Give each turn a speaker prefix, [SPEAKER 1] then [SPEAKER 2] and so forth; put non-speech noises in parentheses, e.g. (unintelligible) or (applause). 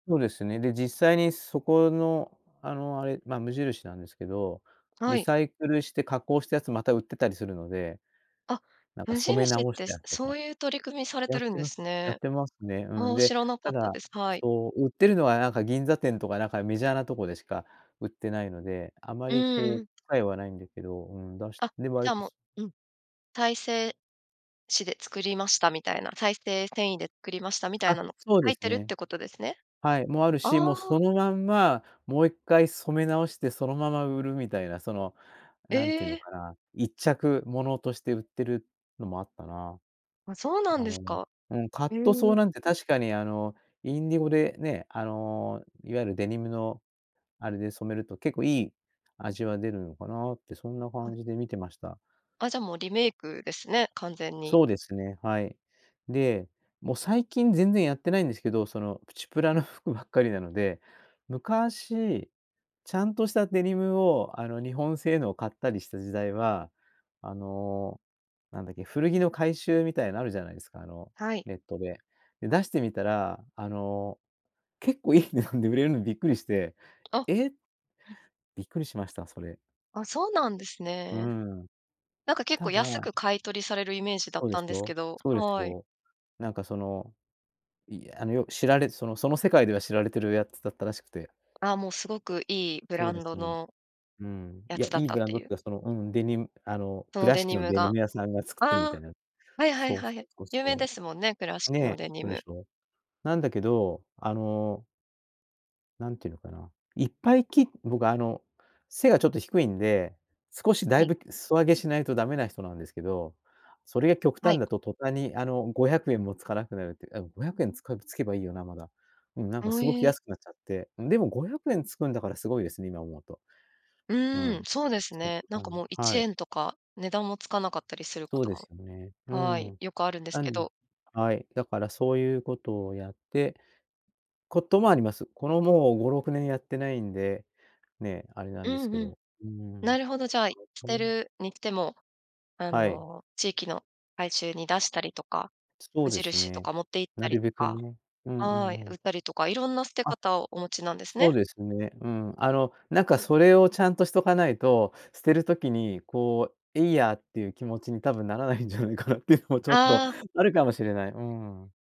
[SPEAKER 1] そうですね。で、実際にそこのあのあれ、まあ無印なんですけど、
[SPEAKER 2] は
[SPEAKER 1] リ
[SPEAKER 2] い。
[SPEAKER 1] サイクルして加工したやつまた売ってたりするので、
[SPEAKER 2] あ、
[SPEAKER 1] なんか
[SPEAKER 2] 無
[SPEAKER 1] 染め
[SPEAKER 2] 印っ
[SPEAKER 1] 直し
[SPEAKER 2] て
[SPEAKER 1] たやつと
[SPEAKER 2] そ
[SPEAKER 1] か。
[SPEAKER 2] ういう取り組みされ
[SPEAKER 1] や
[SPEAKER 2] て
[SPEAKER 1] っ
[SPEAKER 2] るん
[SPEAKER 1] て
[SPEAKER 2] で
[SPEAKER 1] ます、
[SPEAKER 2] す
[SPEAKER 1] やっ
[SPEAKER 2] ね。
[SPEAKER 1] てますね、う
[SPEAKER 2] あ
[SPEAKER 1] ん、
[SPEAKER 2] あ知
[SPEAKER 1] で、
[SPEAKER 2] らなか
[SPEAKER 1] た
[SPEAKER 2] った
[SPEAKER 1] だ、
[SPEAKER 2] です。はい。
[SPEAKER 1] そう売ってるのはなんか銀座店とかなんかメジャーなとこでしか売ってないので、あまりこう
[SPEAKER 2] うん。
[SPEAKER 1] 機会はないんですけど、うーん、だし
[SPEAKER 2] あ、
[SPEAKER 1] で
[SPEAKER 2] じゃ
[SPEAKER 1] 割。
[SPEAKER 2] あもううん、再生紙で作りましたみたいな、再生繊維で作りましたみたい
[SPEAKER 1] あ、
[SPEAKER 2] なの
[SPEAKER 1] そうで
[SPEAKER 2] 入っ
[SPEAKER 1] す
[SPEAKER 2] てるっ
[SPEAKER 1] ね。
[SPEAKER 2] てことですね。
[SPEAKER 1] はい、もある
[SPEAKER 2] あ
[SPEAKER 1] し、もう
[SPEAKER 2] あ。
[SPEAKER 1] そのまんま、もう一回染め直してそのまま売るみたいな、そのなんていう
[SPEAKER 2] え
[SPEAKER 1] の
[SPEAKER 2] え。
[SPEAKER 1] かな、一着物として売ってるのもあったな。
[SPEAKER 2] あ、そうなん
[SPEAKER 1] あ
[SPEAKER 2] です
[SPEAKER 1] の
[SPEAKER 2] か？
[SPEAKER 1] うん、カッ
[SPEAKER 2] へ
[SPEAKER 1] トソー
[SPEAKER 2] え。
[SPEAKER 1] なんて確かにあのインディゴでね、あのいわゆるデニムの、あれで染めると結構いい味は出るのかなって、そんな
[SPEAKER 2] あ。
[SPEAKER 1] 感じで見てました。
[SPEAKER 2] あ、じゃあもうリメイクですね、完全に。
[SPEAKER 1] そうですね、はい。で、もう最近全然やってないんですけど、そのプチプラの服ばっかりなので、昔、ちゃんとしたデニムをあの日本製のを買ったりした時代は、あの、なんだっけ、古着の回収みたいのあるじゃないですか、あの、
[SPEAKER 2] はい。
[SPEAKER 1] ネットで。で出してみたら、あの、結構いい値段で売れるのびっくりして、
[SPEAKER 2] あ、
[SPEAKER 1] え、
[SPEAKER 2] ふん。
[SPEAKER 1] びっくりしました、それ。
[SPEAKER 2] あ、そうなんです
[SPEAKER 1] う
[SPEAKER 2] ね。
[SPEAKER 1] ん。
[SPEAKER 2] なんか結
[SPEAKER 1] た
[SPEAKER 2] 構安
[SPEAKER 1] だ。
[SPEAKER 2] く買い取りされるイメージだっ
[SPEAKER 1] そうで
[SPEAKER 2] た
[SPEAKER 1] し
[SPEAKER 2] んです
[SPEAKER 1] ょ。
[SPEAKER 2] けど、
[SPEAKER 1] そうでし
[SPEAKER 2] はい。
[SPEAKER 1] ょ。なんか、その、いやよく知られそのその世界では知られてるやつだったらしくて。
[SPEAKER 2] ああ、もうすごくいいブ
[SPEAKER 1] そ
[SPEAKER 2] ラ
[SPEAKER 1] うで
[SPEAKER 2] ンド
[SPEAKER 1] すね。
[SPEAKER 2] の
[SPEAKER 1] うん。
[SPEAKER 2] や
[SPEAKER 1] いや、
[SPEAKER 2] つだっ
[SPEAKER 1] いい
[SPEAKER 2] たっ
[SPEAKER 1] ブラン
[SPEAKER 2] て
[SPEAKER 1] ドっ
[SPEAKER 2] いう。
[SPEAKER 1] てはその、うん、デニムあの、
[SPEAKER 2] その
[SPEAKER 1] 倉
[SPEAKER 2] デ
[SPEAKER 1] 敷
[SPEAKER 2] ニ
[SPEAKER 1] の
[SPEAKER 2] ム
[SPEAKER 1] デニ
[SPEAKER 2] が。
[SPEAKER 1] ム屋さんが作ってるみた
[SPEAKER 2] ああ、
[SPEAKER 1] いな。
[SPEAKER 2] はいはい
[SPEAKER 1] そう
[SPEAKER 2] は
[SPEAKER 1] そう
[SPEAKER 2] い。
[SPEAKER 1] そう
[SPEAKER 2] 有名で
[SPEAKER 1] そ
[SPEAKER 2] すもんね、倉
[SPEAKER 1] う。ね
[SPEAKER 2] 敷の
[SPEAKER 1] え、
[SPEAKER 2] デニ
[SPEAKER 1] そうでし
[SPEAKER 2] ム。
[SPEAKER 1] ょ。なんだけど、あの何て言うのかな、いっぱいき僕あの背がちょっと低いんで、少しだ
[SPEAKER 2] は
[SPEAKER 1] い
[SPEAKER 2] い。
[SPEAKER 1] ぶ裾上げしないとダメな人なんですけど、それが極
[SPEAKER 2] は
[SPEAKER 1] 端
[SPEAKER 2] い。
[SPEAKER 1] だと途端にあの500円もつかなくなるって、あ500円つかつけばいいよな、まだ。うん、なんか
[SPEAKER 2] お
[SPEAKER 1] すごく
[SPEAKER 2] え。
[SPEAKER 1] 安くなっちゃって、でも500円つくんだからすごいですね、今思うと。う
[SPEAKER 2] うん、
[SPEAKER 1] ん、
[SPEAKER 2] そうです
[SPEAKER 1] そん
[SPEAKER 2] ね。なん
[SPEAKER 1] な
[SPEAKER 2] か
[SPEAKER 1] 感じ、
[SPEAKER 2] もういち
[SPEAKER 1] は
[SPEAKER 2] え
[SPEAKER 1] い。
[SPEAKER 2] んとか値段もつかなかったりするこ
[SPEAKER 1] そう
[SPEAKER 2] と
[SPEAKER 1] で
[SPEAKER 2] も、
[SPEAKER 1] すよね。う
[SPEAKER 2] はい、
[SPEAKER 1] ん。
[SPEAKER 2] よくあるんです
[SPEAKER 1] あ
[SPEAKER 2] け
[SPEAKER 1] ん、
[SPEAKER 2] ど。
[SPEAKER 1] はい、だからそういうことをやって。こともあります。このもう5、6年やってないんで、ね、あれな
[SPEAKER 2] う
[SPEAKER 1] んです
[SPEAKER 2] ん
[SPEAKER 1] け
[SPEAKER 2] うん。
[SPEAKER 1] ど、うーん。。
[SPEAKER 2] なるほど、じゃあ、捨て
[SPEAKER 1] (unintelligible)
[SPEAKER 2] るにしても、あ
[SPEAKER 1] はい。
[SPEAKER 2] の地域の買収に出したりとか、
[SPEAKER 1] そう
[SPEAKER 2] 無
[SPEAKER 1] です
[SPEAKER 2] 印と
[SPEAKER 1] ね。
[SPEAKER 2] か持って行っ
[SPEAKER 1] な
[SPEAKER 2] たり
[SPEAKER 1] る
[SPEAKER 2] と
[SPEAKER 1] べく
[SPEAKER 2] か、
[SPEAKER 1] ね。うんう
[SPEAKER 2] は
[SPEAKER 1] ん
[SPEAKER 2] い、
[SPEAKER 1] うん。
[SPEAKER 2] 売ったりとか、いろんな捨て
[SPEAKER 1] あ、
[SPEAKER 2] 方をお持ちなんです
[SPEAKER 1] そ
[SPEAKER 2] ね。
[SPEAKER 1] うですね。うん、あの、なんかそれをちゃんとしとかないと、捨てる時にこう、いいやっていう気持ちに多分ならないんじゃないかなっていうのもちょっと
[SPEAKER 2] ああ。
[SPEAKER 1] あるかもしれない。うん。